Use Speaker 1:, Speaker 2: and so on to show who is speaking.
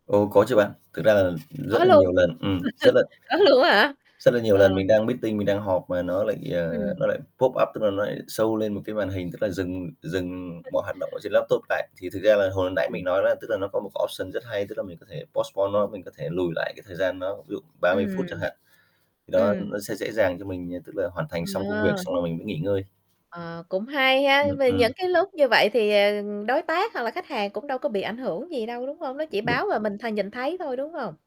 Speaker 1: Ồ, có chứ bạn. Thực ra là rất
Speaker 2: Có
Speaker 1: là
Speaker 2: luôn?
Speaker 1: nhiều lần ừm, rất là
Speaker 2: Có luôn á hả?
Speaker 1: rất là nhiều
Speaker 2: Ờ.
Speaker 1: lần mình đang meeting, mình đang họp mà nó lại, ờ,
Speaker 2: Ừm.
Speaker 1: nó lại pop up, tức là nó lại show lên một cái màn hình, tức là dừng dừng
Speaker 2: [unintelligible]
Speaker 1: mọi hoạt động ở trên laptop lại. Thì thực ra là hồi nãy
Speaker 2: Ờ.
Speaker 1: mình nói đó, tức là nó có một cái option rất hay, tức là mình có thể postpone nó, mình có thể lùi lại cái thời gian nó ví dụ 30 phút
Speaker 2: Ừm.
Speaker 1: chẳng hạn, thì đó,
Speaker 2: Ừm.
Speaker 1: nó sẽ dễ dàng cho mình, ờ, tức là hoàn thành xong công việc
Speaker 2: Ờ.
Speaker 1: xong rồi mình mới nghỉ ngơi.
Speaker 2: Ờ, cũng hay ha.
Speaker 1: Ừm,
Speaker 2: Vì những
Speaker 1: ừm.
Speaker 2: cái lúc như vậy thì, ờ, đối tác hoặc là khách hàng cũng đâu có bị ảnh hưởng gì đâu, đúng hông? Nó chỉ
Speaker 1: [unintelligible] Được.
Speaker 2: báo và mình th nhìn thấy thôi, đúng hông?